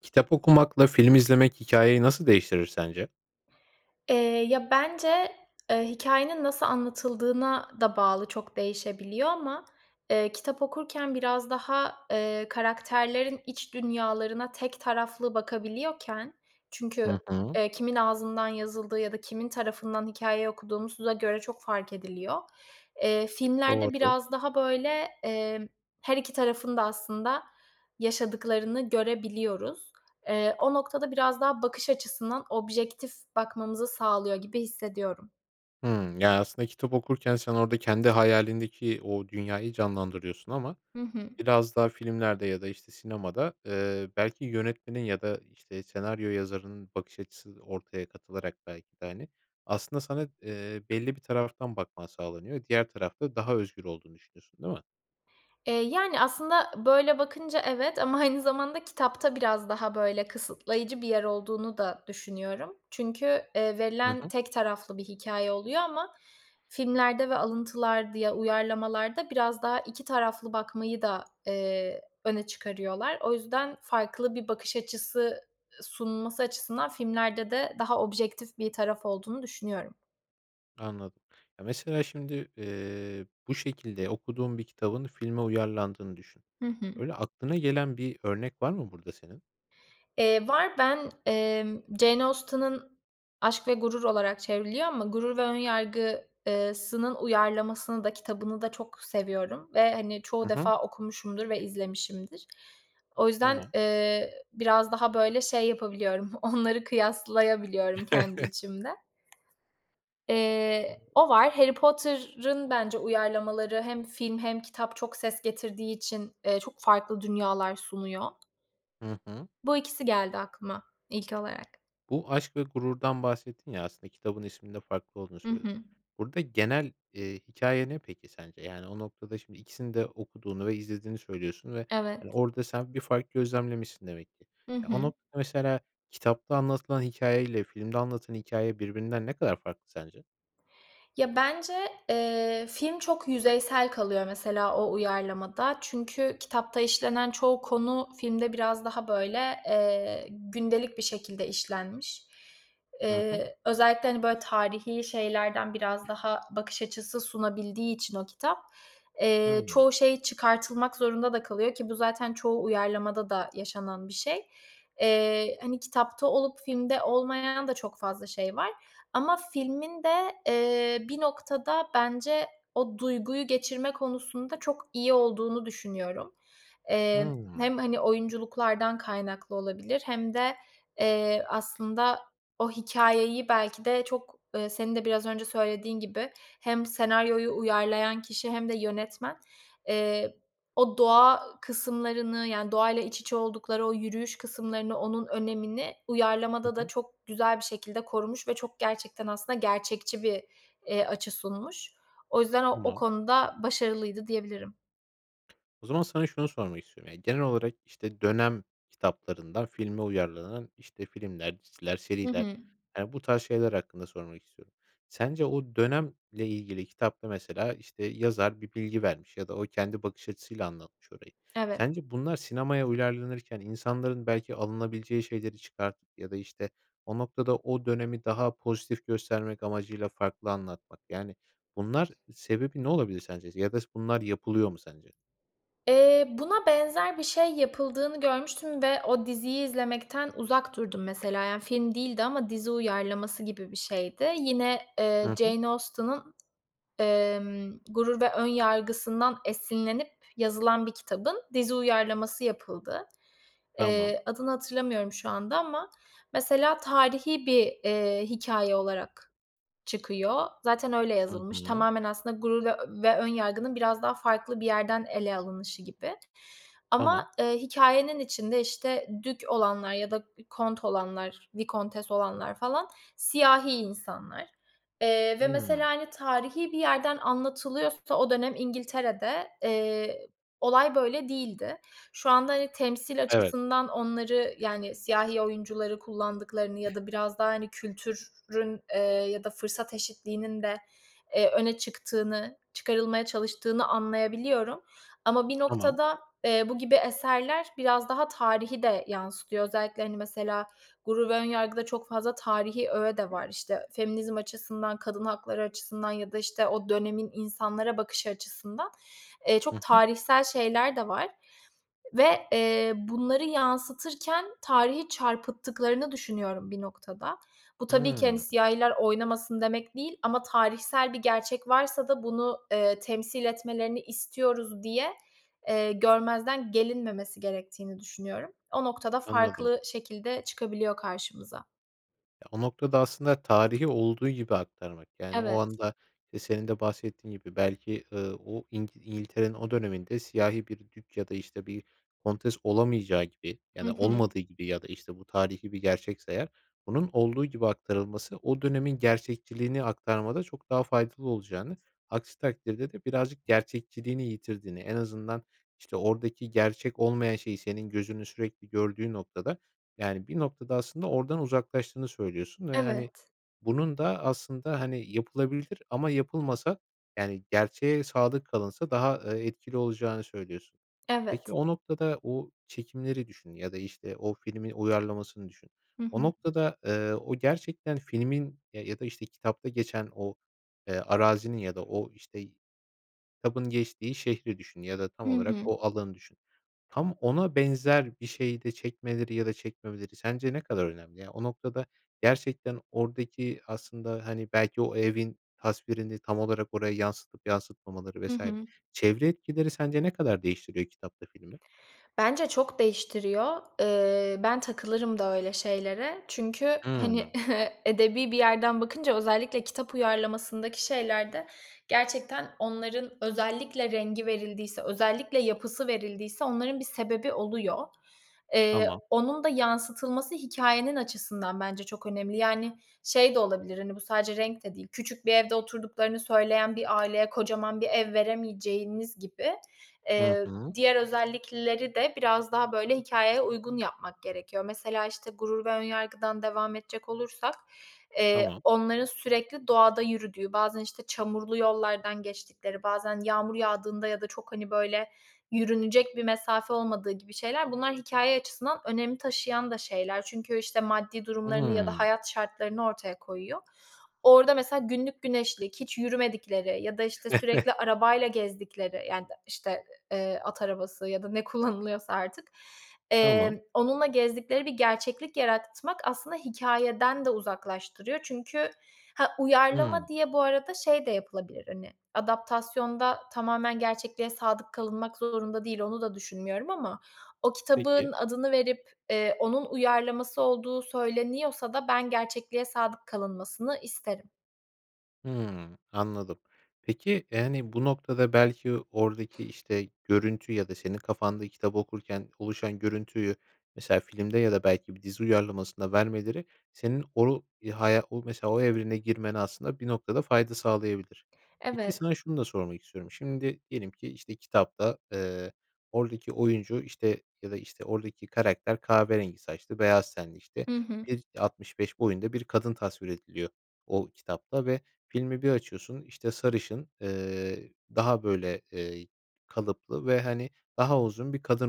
Kitap okumakla film izlemek hikâyeyi nasıl değiştirir sence? Eee, ya, bence, eee, hikâyenin nasıl anlatıldığına da bağlı çok değişebiliyor ama, eee, kitap okurken biraz daha, eee, karakterlerin iç dünyalarına tek taraflı bakabiliyorken çünkü, Hı hı. eee, kimin ağzından yazıldığı ya da kimin tarafından hikâyeyi okuduğumuza göre çok fark ediliyor. Eee, filmlerde Doğru. biraz daha, böyle, emm, her 2 tarafın da aslında yaşadıklarını görebiliyoruz. Eee, o noktada biraz daha bakış açısından objektif bakmamızı sağlıyor gibi hissediyorum. Hımm, yani, aslında kitap okurken sen orada kendi hayalindeki o dünyayı canlandırıyorsun. Ama Hı hı. biraz daha filmlerde ya da, işte, sinemada, eee, belki yönetmenin ya da, işte, senaryo yazarının bakış açısı ortaya katılarak belki de, hani, aslında sana, eee, belli bir taraftan bakman sağlanıyor. Diğer tarafta daha özgür olduğunu düşünüyorsun, değil mi? Eee, yani, aslında böyle bakınca evet, ama aynı zamanda kitapta biraz daha, böyle, kısıtlayıcı bir yer olduğunu da düşünüyorum çünkü, eee, Hı verilen hı. tek taraflı bir hikâye oluyor ama filmlerde ve alıntılar, di ya, uyarlamalarda biraz daha 2 taraflı bakmayı da, eee, öne çıkarıyorlar. O yüzden farklı bir bakış açısı, ııı, sunulması açısından filmlerde de daha objektif bir taraf olduğunu düşünüyorum. Anladım. Ya, mesela, şimdi, eee, bu şekilde okuduğun bir kitabın filme uyarlandığını düşün. Hı hı. Öyle aklına gelen bir örnek var mı burada senin? Eee, var. Ben, emm, Jane Austen'ın Aşk ve Gurur olarak çevriliyor ama Gurur ve Önyargı, ııı sının uyarlamasını da kitabını da çok seviyorum ve, hani, çoğu Hı hı. defa okumuşumdur ve izlemişimdir. O yüzden, Tamam. eee, ı biraz daha böyle şey yapabiliyorum, onları kıyaslayabiliyorum kendi içimde. Eee o var. Harry Potter'ın bence uyarlamaları hem film hem kitap çok ses getirdiği için, eee, çok farklı dünyalar sunuyor Hı hı. bu ikisi geldi aklıma ilk olarak. Bu Aşk ve Gurur'dan bahsettin ya, aslında kitabın isminin de farklı olduğunu Hı söyledin. hı. Burada genel, eee, hikâye ne peki sence, yani, o noktada, şimdi, ikisini de okuduğunu ve izlediğini söylüyorsun ve, hani, Evet. orada sen bir fark gözlemlemişsin demek ki. Hı Ya, o hı. noktada, mesela, kitapta anlatılan hikâye ile filmde anlatılan hikâye birbirinden ne kadar farklı sence? Ya, bence, eee, film çok yüzeysel kalıyor, mesela, o uyarlamada çünkü kitapta işlenen çoğu konu filmde biraz daha, böyle, eee, gündelik bir şekilde işlenmiş. Hı hı. Eee, özellikle, hani, böyle, tarihî şeylerden biraz daha bakış açısı sunabildiği için o kitap, eee, Hıı. çoğu şey çıkartılmak zorunda da kalıyor ki bu zaten çoğu uyarlamada da yaşanan bir şey. Eee, hani, kitapta olup filmde olmayan da çok fazla şey var ama filmin de, eee, bir noktada, bence, o duyguyu geçirme konusunda çok iyi olduğunu düşünüyorum. Emm, Hıı. hem, hani, oyunculuklardan kaynaklı olabilir hem de, eee, aslında o hikâyeyi, belki de, çok, ııı, senin de biraz önce söylediğin gibi hem senaryoyu uyarlayan kişi hem de yönetmen, eee, o doğa kısımlarını, yani, doğayla iç içe oldukları o yürüyüş kısımlarını, onun önemini Hı uyarlamada da hı. çok güzel bir şekilde korumuş ve çok, gerçekten, aslında gerçekçi bir, eee, açı sunmuş. O yüzden o o [unintelligible] konuda başarılıydı diyebilirim. O zaman sana şunu sormak istiyorum, yani, genel olarak, işte, dönem kitaplarından filme uyarlanan, işte, filmler, diziler, Hı seriler hı. yani bu tarz şeyler hakkında sormak istiyorum. Sence o dönemle ilgili kitapta, mesela, işte, yazar bir bilgi vermiş ya da o kendi bakış açısıyla anlatmış orayı. Evet. Sence bunlar sinemaya uyarlanırken insanların, belki, alınabileceği şeyleri çıkartıp ya da, işte, o noktada o dönemi daha pozitif göstermek amacıyla farklı anlatmak yani bunlar sebebi ne olabilir sence ya da s bunlar yapılıyor mu sence? Eee, buna benzer bir şey yapıldığını görmüştüm ve o diziyi izlemekten uzak durdum, mesela, yani, film değildi ama dizi uyarlaması gibi bir şeydi. Yine, Hı eee, hı. Jane Austen'ın, emm, Gurur ve Önyargı'sından esinlenip yazılan bir kitabın dizi uyarlaması yapıldı. Tamam. Eee, adını hatırlamıyorum şu anda ama, mesela, tarihî bir, eee, hikâye olarak çıkıyor zaten öyle Hı yazılmış. hı. Tamamen aslında Gurur ve ö ve Önyargı'nın biraz daha farklı bir yerden ele alınışı gibi Tamam. ama, eee, hikâyenin içinde, işte, dük olanlar ya da k kont olanlar, vikontes olanlar, falan, siyahi insanlar, eee, ve mesela, Hıı. hani, tarihî bir yerden anlatılıyorsa o dönem İngiltere'de, eee, olay böyle değildi. Şu anda, hani, temsil Evet. açısından onları, yani, siyahi oyuncuları kullandıklarını ya da biraz daha, hani, kültürün, eee, ya da fırsat eşitliğinin de, eee, öne çıktığını, çıkarılmaya çalıştığını anlayabiliyorum ama bir Tamam. noktada, eee, bu gibi eserler biraz daha tarihi de yansıtıyor. Özellikle, hani, mesela, Gurur ve Önyargı'da çok fazla tarihî öğe de var. İşte, feminizm açısından, kadın hakları açısından ya da, işte, o dönemin insanlara bakışı açısından. Eee, çok Hı hı. tarihsel şeyler de var ve, eee, bunları yansıtırken tarihi çarpıttıklarını düşünüyorum bir noktada. Bu, tabii ki, Hıı. hani, "siyahiler oynamasın" demek değil ama tarihsel bir gerçek varsa da bunu, eee, "temsil etmelerini istiyoruz" diye, eee, görmezden gelinmemesi gerektiğini düşünüyorum. O noktada Anladım. farklı şekilde çıkabiliyor karşımıza. Ya, o noktada aslında tarihi olduğu gibi aktarmak yani o Evet. anda, eee, senin de bahsettiğin gibi belki, ııı, o İngi İngiltere'nin o döneminde siyahi bir dük ya da, işte, bir kontes olamayacağı gibi Hı ya da hı. olmadığı gibi ya da, işte, bu tarihî bir gerçekse eğer. Bunun olduğu gibi aktarılması, o dönemin gerçekçiliğini aktarmada çok daha faydalı olacağını, aksi takdirde de birazcık gerçekçiliğini yitirdiğini, en azından, işte, oradaki gerçek olmayan şeyi senin gözünün sürekli gördüğü noktada, yani, bir noktada aslında oradan uzaklaştığını söylüyorsun ve, hani, Evet. bunun da aslında, hani, yapılabilir ama yapılmasa, yani, gerçeğe sadık kalınsa daha, eee, etkili olacağını söylüyorsun. Peki, Evet. o noktada o çekimleri düşün ya da, işte, o filmin uyarlamasını düşün. Hı O hı. noktada, eee, o gerçekten filmin, eee, ya da, işte, kitapta geçen o, eee, arazinin ya da o, işte, kitabın geçtiği şehri düşün ya da tam Hı olarak hı. o alanı düşün. Tam ona benzer bir şeyi de çekmeleri ya da çekmemeleri sence ne kadar önemli? Ya, o noktada gerçekten oradaki aslında, hani, belki o evin tasvirini tam olarak oraya yansıtıp yansıtmamaları Hı vs. hı. çevre etkileri sence ne kadar değiştiriyor kitapla filmi? Bence çok değiştiriyor. Eee, ben takılırım da öyle şeylere çünkü, hani, Hıı. edebî bir yerden bakınca özellikle kitap uyarlamasındaki şeylerde gerçekten onların özellikle rengi verildiyse, özellikle yapısı verildiyse onların bir sebebi oluyor. Eee, Tamam. onun da yansıtılması hikâyenin açısından bence çok önemli. Yani, şey de olabilir, hani, bu sadece renk de değil, küçük bir evde oturduklarını söyleyen bir aileye kocaman bir ev veremeyeceğiniz gibi, Hı eee, hı. diğer özellikleri de biraz daha, böyle, hikâyeye uygun yapmak gerekiyor. Mesela, işte, Gurur ve Önyargı'dan devam edecek olursak, eee, Tamam. onların sürekli doğada yürüdüğü, bazen, işte, çamurlu yollardan geçtikleri, bazen yağmur yağdığında ya da çok, hani, böyle, yürünecek bir mesafe olmadığı gibi şeyler, bunlar hikâye açısından önem taşıyan da şeyler. Çünkü, işte, maddi durumlarını ya da Hıı. hayat şartlarını ortaya koyuyor. Orada mesela günlük güneşlik, hiç yürümedikleri ya da, işte, sürekli arabayla gezdikleri, yani, işte, ı eee, at arabası ya da ne kullanılıyorsa artık, Tamam. emm, onunla gezdikleri bir gerçeklik yaratmak aslında hikâyeden de uzaklaştırıyor. Çünkü Ha, Hı. uyarlama diye bu arada şey de yapılabilir, hani, adaptasyonda tamamen gerçekliğe sadık kalınmak zorunda değil, onu da düşünmüyorum ama o kitabın Peki. adını verip, eee, onun uyarlaması olduğu söyleniyorsa da ben gerçekliğe sadık kalınmasını isterim. Hımm, anladım, peki, yani, bu noktada, belki, oradaki, işte, görüntü ya da senin kafanda kitap okurken oluşan görüntüyü, mesela, filmde ya da, belki, bir dizi uyarlamasında vermeleri senin oru ya haya mesela, o evrene girmene aslında, bir noktada, fayda sağlayabilir. Peki, Evet. sana şunu da sormak istiyorum. Şimdi, diyelim ki, işte, kitapta, eee, oradaki oyuncu, işte, ya da, işte, oradaki karakter kahverengi saçlı, beyaz tenli, işte, Hı hı. 1.65 boyunda bir kadın tasvir ediliyor o kitapta ve filmi bir açıyorsun, işte, sarışın, eee, daha böyle, eee, kalıplı ve, hani, daha uzun bir kadın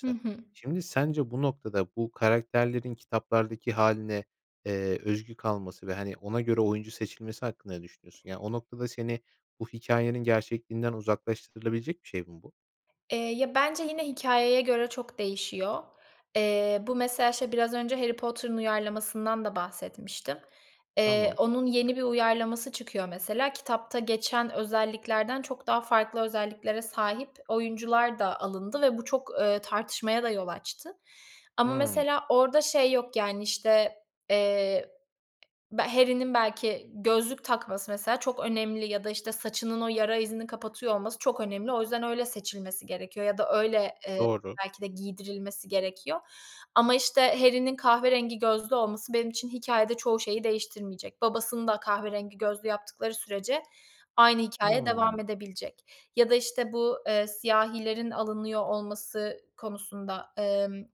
Hı hı. Şimdi, sence, bu noktada, bu karakterlerin kitaplardaki hâline, eee, özgü kalması ve, hani, ona göre oyuncu seçilmesi hakkında ne düşünüyorsun? Yani, o noktada, seni bu hikâyenin gerçekliğinden uzaklaştırılabilecek bir şey mi bu? Eee, ya, bence, yine hikâyeye göre çok değişiyor. Eee, bu, mesela, şey, biraz önce Harry Potter'ın uyarlamasından da bahsetmiştim. Eee, Tamam. onun yeni bir uyarlaması çıkıyor, mesela. Kitapta geçen özelliklerden çok daha farklı özelliklere sahip oyuncular da alındı ve bu çok, eee, tartışmaya da yol açtı. Ama, Hıı. mesela, orada şey yok, yani, işte, eee, be Harry'nin, belki, gözlük takması, mesela, çok önemli ya da, işte, saçının o yara izini kapatıyor olması çok önemli. O yüzden öyle seçilmesi gerekiyor ya da öyle, eee, Doğru. belki de, giydirilmesi gerekiyor. Ama, işte, Harry'nin kahverengi gözlü olması benim için hikâyede çoğu şeyi değiştirmeyecek. Babasını da kahverengi gözlü yaptıkları sürece aynı hikâye devam Hımm. edebilecek ya da, işte, bu, eee, siyahilerin alınıyor olması konusunda. Emm,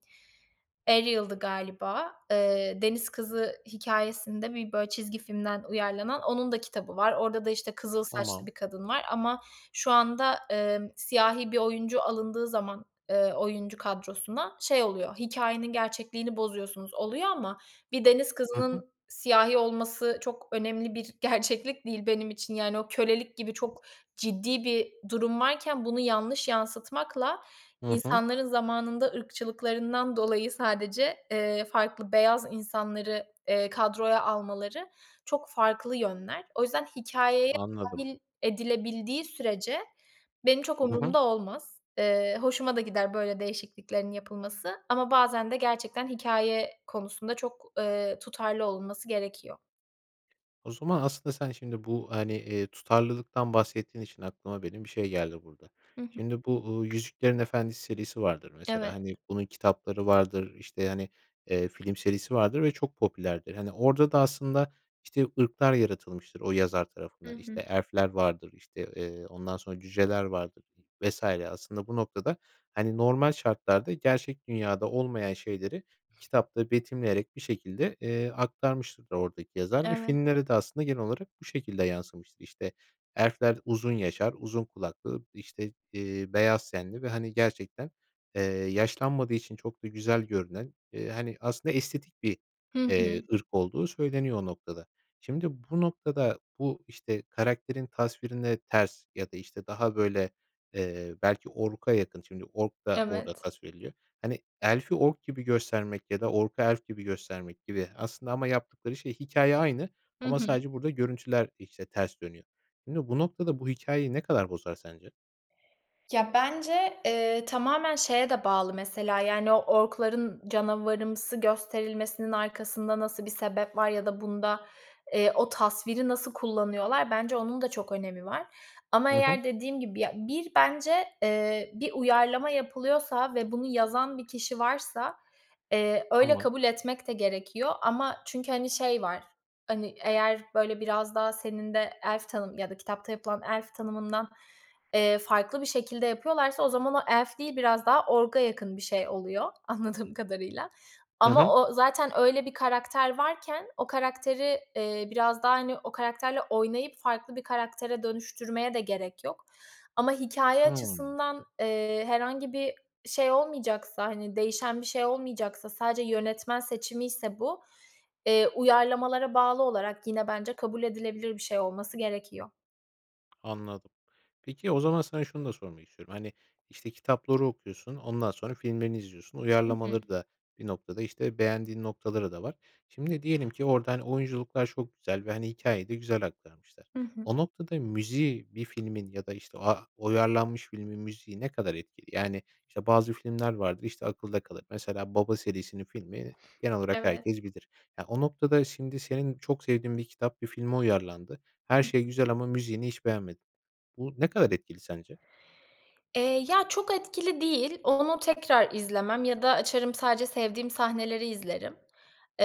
Eliale'dı galiba. Eee, deniz kızı hikâyesinde, bir, böyle, çizgi filmden uyarlanan, onun da kitabı var. Orada da, işte, kızıl saçlı Tamam. bir kadın var ama şu anda, eee, siyahi bir oyuncu alındığı zaman, eee, oyuncu kadrosuna, şey oluyor, "Hikâyenin gerçekliğini bozuyorsunuz." oluyor. Ama bir deniz Hı hı. kızının siyahi olması çok önemli bir gerçeklik değil benim için, yani, o kölelik gibi çok ciddi bir durum varken bunu yanlış yansıtmakla, Hı hı. insanların zamanında ırkçılıklarından dolayı sadece, eee, farklı beyaz insanları, eee, kadroya almaları çok farklı yönler. O yüzden hikâyeye Anladım. dâhil edilebildiği sürece benim çok Hı hı. umurumda olmaz. Eee, hoşuma da gider böyle değişikliklerin yapılması. Ama bazen de gerçekten hikâye konusunda çok, eee, tutarlı olunması gerekiyor. O zaman aslında sen şimdi bu, hani, eee, tutarlılıktan bahsettiğin için aklıma benim bir şey geldi burada. Hı hı. Şimdi bu, ııı, Yüzüklerin Efendisi serisi vardır mesela, Evet. hani, bunun kitapları vardır, işte, hani, eee, film serisi vardır ve çok popülerdir. Hani, orada da aslında, işte, ırklar yaratılmıştır o yazar Hı tarafından. hı. İşte, elf'ler vardır, işte, eee, ondan sonra cüceler vardır vs. aslında bu noktada, hani, normal şartlarda gerçek dünyada olmayan şeyleri, kitapta betimleyerek bir şekilde, eee, aktarmıştır oradaki yazar ve Evet. filmlere de aslında genel olarak bu şekilde yansımıştır. İşte, elfler uzun yaşar, uzun kulaklıdır, işte, eee, beyaz tenli ve, hani, gerçekten, eee, yaşlanmadığı için çok da güzel görünen, eee, hani, aslında estetik bir, Hı hı. eee, ırk olduğu söyleniyor o noktada. Şimdi bu noktada bu, işte, karakterin tasvirine ters ya da, işte, daha, böyle, eee, belki ork'a yakın, şimdi ork da orada Evet. tasvir ediliyor. Hani, elf'i ork gibi göstermek ya da ork'u elf gibi göstermek gibi aslında ama yaptıkları şey, hikâye aynı Hı ama hı. sadece burada görüntüler, işte, ters dönüyor. Şimdi bu noktada bu hikâyeyi ne kadar bozar sence? Ya, bence, eee, tamamen şeye de bağlı mesela, yani, o ork'ların canavarımsı gösterilmesinin arkasında nasıl bir sebep var ya da bunda, eee, o tasviri nasıl kullanıyorlar? Bence onun da çok önemi var. Ama Hı hı. eğer dediğim gibi, ya, bir bence, eee, bir uyarlama yapılıyorsa ve bunu yazan bir kişi varsa, eee, öyle Tamam. kabul etmek de gerekiyor ama çünkü, hani, şey var, hani, eğer, böyle, biraz daha senin de elf tanım ya da kitapta yapılan elf tanımından, eee, farklı bir şekilde yapıyorlarsa o zaman o elf değil, biraz daha ork'a yakın bir şey oluyor anladığım kadarıyla. Hı Ama hı. o zaten öyle bir karakter varken o karakteri, eee, biraz daha, hani, o karakterle oynayıp farklı bir karaktere dönüştürmeye de gerek yok. Ama hikâye Hıı. açısından, eee, herhangi bir şey olmayacaksa, hani, değişen bir şey olmayacaksa, sadece yönetmen seçimiyse bu, eee, uyarlamalara bağlı olarak yine bence kabul edilebilir bir şey olması gerekiyor. Anladım. Peki, o zaman sana şunu da sormak istiyorum. Hani, işte, kitapları okuyorsun, ondan sonra filmlerini izliyorsun, Hı hı. uyarlamaları da bir noktada, işte, beğendiğin noktaları da var. Şimdi diyelim ki orada, hani, oyunculuklar çok güzel ve, hani, hikâyeyi de güzel aktarmışlar. Hı hı. O noktada müziği bir filmin ya da, işte, a uyarlanmış filmin müziği ne kadar etkili? Yani, işte, bazı filmler vardır, işte, akılda kalır. Mesela "Baba" serisinin filmleri genel olarak Evet. herkes bilir. Ya, o noktada şimdi senin çok sevdiğin bir kitap, bir filme uyarlandı. Her I şey hı. güzel ama müziğini hiç beğenmedin. Bu ne kadar etkili sence? Eee, ya, çok etkili değil, onu tekrar izlemem ya da açarım sadece sevdiğim sahneleri izlerim.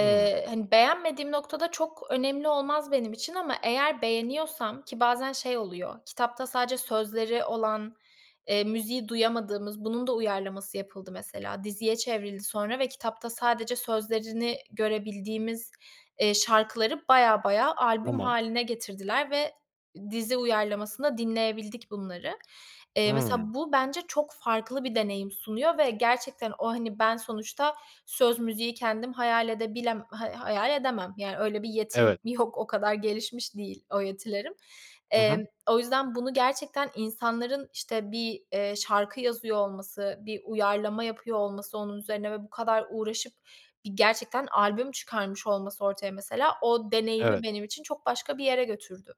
Hımm. hani, beğenmediğim noktada çok önemli olmaz benim için ama eğer beğeniyorsam ki bazen şey oluyor kitapta sadece sözleri olan, eee, müziği duyamadığımız, bunun da uyarlaması yapıldı mesela, diziye çevrildi sonra ve kitapta sadece sözlerini görebildiğimiz, eee, şarkıları bayağı bayağı albüm Tamam. hâline getirdiler ve dizi uyarlamasında dinleyebildik bunları. Eee, Hımm. mesela bu bence çok farklı bir deneyim sunuyor ve gerçekten o, hani, ben sonuçta söz, müziği kendim hayal edebilem hay hayal edemem, yani, öyle bir yetim Evet. yok, o kadar gelişmiş değil o yetilerim. Hı Emm, hı. o yüzden bunu gerçekten insanların, işte, bir, eee, şarkı yazıyor olması, bir uyarlama yapıyor olması onun üzerine ve bu kadar uğraşıp bir gerçekten albüm çıkarmış olması ortaya mesela, o deneyimi Evet. benim için çok başka bir yere götürdü.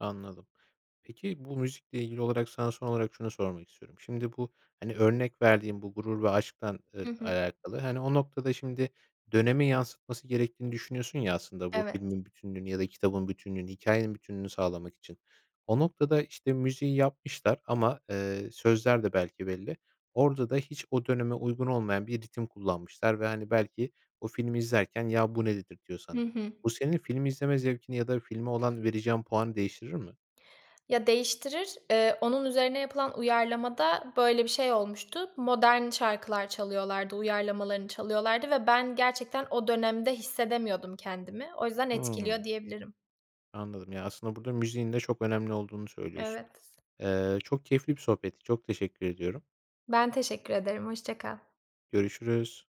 Anladım. Peki, bu müzikle ilgili olarak sana son olarak şunu sormak istiyorum. Şimdi bu, hani, örnek verdiğim bu Gurur ve Aşk'tan ıl Hı hı. alakalı, hani, o noktada şimdi dönemi yansıtması gerektiğini düşünüyorsun ya, aslında bu Evet. filmin bütünlüğünü ya da kitabın bütünlüğünü, hikâyenin bütünlüğünü sağlamak için o noktada, işte, müziği yapmışlar ama, eee, sözler de belki belli. Orada da hiç o döneme uygun olmayan bir ritim kullanmışlar ve, hani, belki o filmi izlerken "Ya, bu ne?" dedirtiyor Hı sana. hı. Bu senin film izleme zevkini ya da filme olan vereceğin puanı değiştirir mi? Ya, değiştirir, eee, onun üzerine yapılan uyarlamada böyle bir şey olmuştu. Modern şarkılar çalıyorlardı, uyarlamalarını çalıyorlardı ve ben gerçekten o dönemde hissedemiyordum kendimi. O yüzden etkiliyor, Hımm. diyebilirim. Anladım ya, aslında burada müziğin de çok önemli olduğunu söylüyorsun. Evet. Eee, çok keyifli bir sohbetti. Çok teşekkür ediyorum. Ben teşekkür ederim. Hoşça kal. Görüşürüz.